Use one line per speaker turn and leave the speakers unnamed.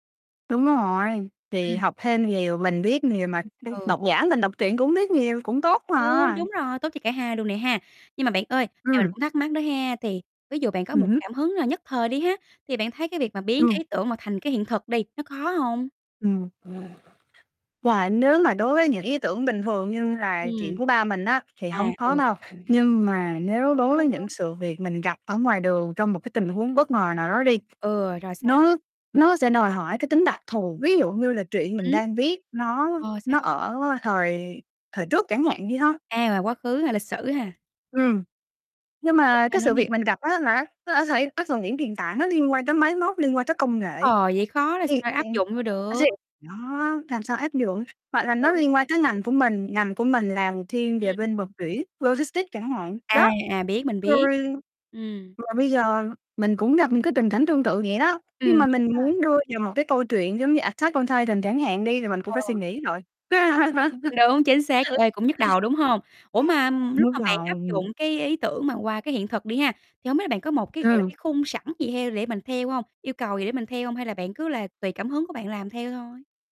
Đúng rồi, thì
Ừm.
học thêm nhiều, mình biết nhiều mà
Ừm,
[unintelligible]
ừ.
độc giả mình đọc truyện cũng biết nhiều, cũng tốt
Ừ,
mà.
đúng rồi, tốt cho cả hai luôn nè ha. Nhưng mà bạn ơi, thì mình
Ừm.
cũng thắc mắc đó ha, thì ví dụ bạn có
Ừm
một
hứm.
cảm hứng là nhất thời đi ha, thì bạn thấy cái việc mà biến cái
Ừm.
ý tưởng mà thành cái hiện thực đi, nó khó hông?
Ừm, ừm. Wow. Nếu mà đối với những ý tưởng bình thường như là chuyện
Ừm.
của ba mình á, thì
À,
hông khó
ừ.
đâu, nhưng mà nếu
Đúng,
đối
đúng,
với
đúng.
những sự việc mình gặp ở ngoài đường trong một cái tình huống bất ngờ nào đó đi,
Ừ, rồi sao nè?
nó nó sẽ đòi hỏi cái tính đặc thù, ví dụ như là truyện mình
Ừm.
đang viết nó
Ờ, sao?
nó ở thời thời trước chẳng hạn đi ha.
A, mà quá khứ hay lịch sử ha?
Ừm. Nhưng
Rồi
mà
sao
cái
nữa
sự
nè?
việc mình gặp á là nó nó đã xảy nó thường những tiền tảng, nó liên quan tới máy móc, liên quan tới công nghệ,
Ờ, vậy khó là
thì
sao
thì
áp dụng vô được.
Đó, làm sao áp dụng, hoặc là nó
Đúng
liên
rồi.
quan tới ngành của mình, ngành của mình làm thiên về
Ừm.
bên vận chuyển logistics chẳng hạn,
À,
đó.
à, biết, mình biết.
Rồi
Ừm.
mà bây giờ mình cũng gặp những cái tình cảnh tương tự vậy đó, khi
Ừm,
mà
dễ
mình
mà.
muốn đưa vào một cái câu chuyện giống như "Attack on Titan" chẳng hạn đi thì mình cũng phải suy
Ờ.
nghĩ rồi.
Đúng, chính xác, ê, cũng nhức đầu, đúng hông? Ủa, mà lúc
Nhức
mà bạn áp
đầu.
dụng cái ý tưởng mà qua cái hiện thực đi ha, thì hông biết là bạn có một cái, gọi là,
Ừm.
cái khung sẵn gì theo để mình theo hông, yêu cầu gì để mình theo hông hay là bạn cứ là tùy cảm hứng của bạn làm theo thôi?